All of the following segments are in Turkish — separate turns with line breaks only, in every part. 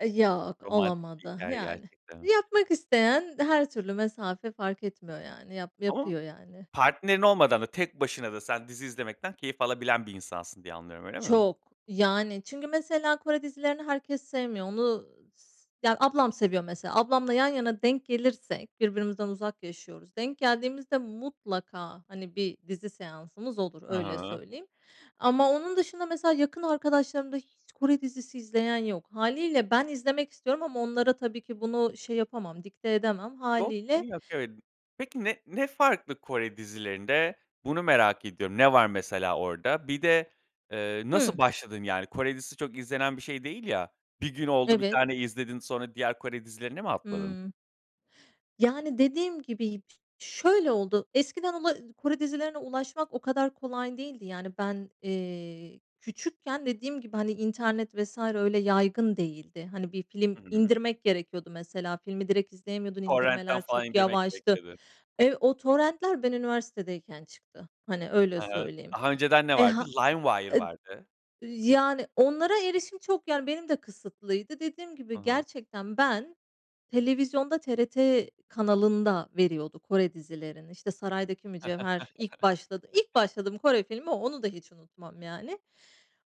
Eee, yok,
Romantik bir
olamadı.
hikâye
Yani,
gerçekten.
yapmak isteyen her türlü mesafe fark etmiyor yani. Yap
Ama
yapıyor yani.
partnerin olmadan da tek başına da sen dizi izlemekten keyif alabilen bir insansın, diye anlıyorum. Öyle mi?
Çok. Yani, çünkü mesela Kore dizilerini herkes sevmiyor. Onu s ya ablam seviyor mesela, ablamla yan yana denk gelirsek, birbirimizden uzak yaşıyoruz, denk geldiğimizde mutlaka hani bir dizi seansımız olur, öyle
Hıı.
söyleyeyim ama onun dışında mesela yakın arkadaşlarımda hiç Kore dizisi izleyen yok hâliyle ben izlemek istiyorum ama onlara tabii ki bunu şey yapamam dikte edemem. Hâliyle
[unintelligible] Peki ne ne farklı Kore dizilerinde bunu merak ediyorum. Ne var mesela orada? Bir de, eee, nasıl
Hımm.
başladın? Yani, Kore dizisi çok izlenen bir şey değil ya. Bir gün oldu 1
Evet.
tane izledin. Sonra diğer Kore dizilerine mi atladın?
Hımm. Yani dediğim gibi yip şöyle oldu. Eskiden ula Kore dizilerine ulaşmak o kadar kolay değildi. Yani ben, eee, küçükken dediğim gibi, hani, internet vs. öyle yaygın değildi. Hani bir film
Hı hı.
indirmek gerekiyordu mesela filmi direkt izleyemiyordun,
Torrentten
indirmeler
falan
çok
indirmek gerek
yavaştı.
dedin.
Ev O torrentler ben üniversitedeyken çıktı. Hani, öyle
He he,
söyleyeyim.
daha önceden ne
E,
vardı?
ha
Limewire
ed
vardı.
yani, onlara erişim çok, yani, benim de kısıtlıydı. Dediğim
Hı
gibi
hı.
gerçekten ben televizyonda TRT kanalında veriyordu Kore dizilerini. İşte, Saraydaki Mücevher ilk başladı ilk başladığım Kore filmi o, onu da hiç unutmam yani.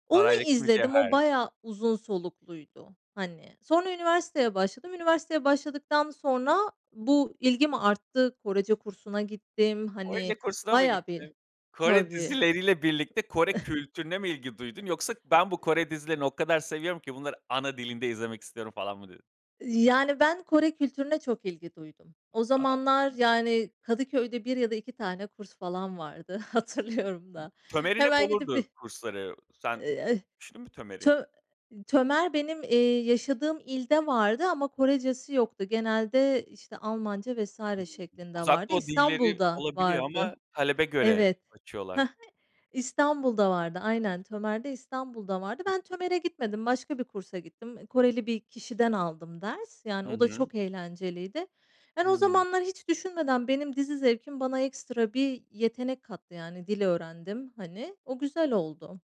Onu
Saraydaki
izledim, o
Mücevher.
bayağı uzun solukluydu. Hani, sonra üniversiteye başladım. Üniversiteye başladıktan sonra bu ilgim arttı. Korece kursuna gittim. Hani,
Korece kursuna mı
bayağı bir
gittin? Kore
Tabii.
dizileriyle birlikte Kore kültürüne mi ilgi duydun yoksa, "Ben bu
Iıı
Kore dizilerini o kadar seviyorum ki bunları ana dilinde izlemek istiyorum." falan mı dedin?
Yani, ben Kore kültürüne çok ilgi duydum. O
A!
zamanlar, yani, Kadıköy'de 1 ya da 2 tane kurs falan vardı, hatırlıyorum da.
Tömer'in hep
Hemen gidip bir
olurdu kursları.
Eee,
Sen
eh,
düşündün mü Tömer'i?
ço Tömer benim, eee, yaşadığım ilde vardı ama Korecesi yoktu genelde, işte, Almanca
Hımm.
vs. şeklinde
Uzak
vardı,
doğu dilleri
İstanbul'da
olabiliyor ama
vardı.
talebe göre
Evet, ha
açıyorlar.
ha, İstanbul'da vardı. Aynen, Tömer'de İstanbul'da vardı.
Hıh.
Ben Tömer'e gitmedim, başka bir kursa gittim. Eee, Koreli bir kişiden aldım ders, yani,
Hı
o da
hı.
çok eğlenceliydi. Yani o
Hımm.
zamanlar hiç düşünmeden benim dizi zevkim bana ekstra bir yetenek kattı. Yani dil öğrendim, hani, o güzel oldu.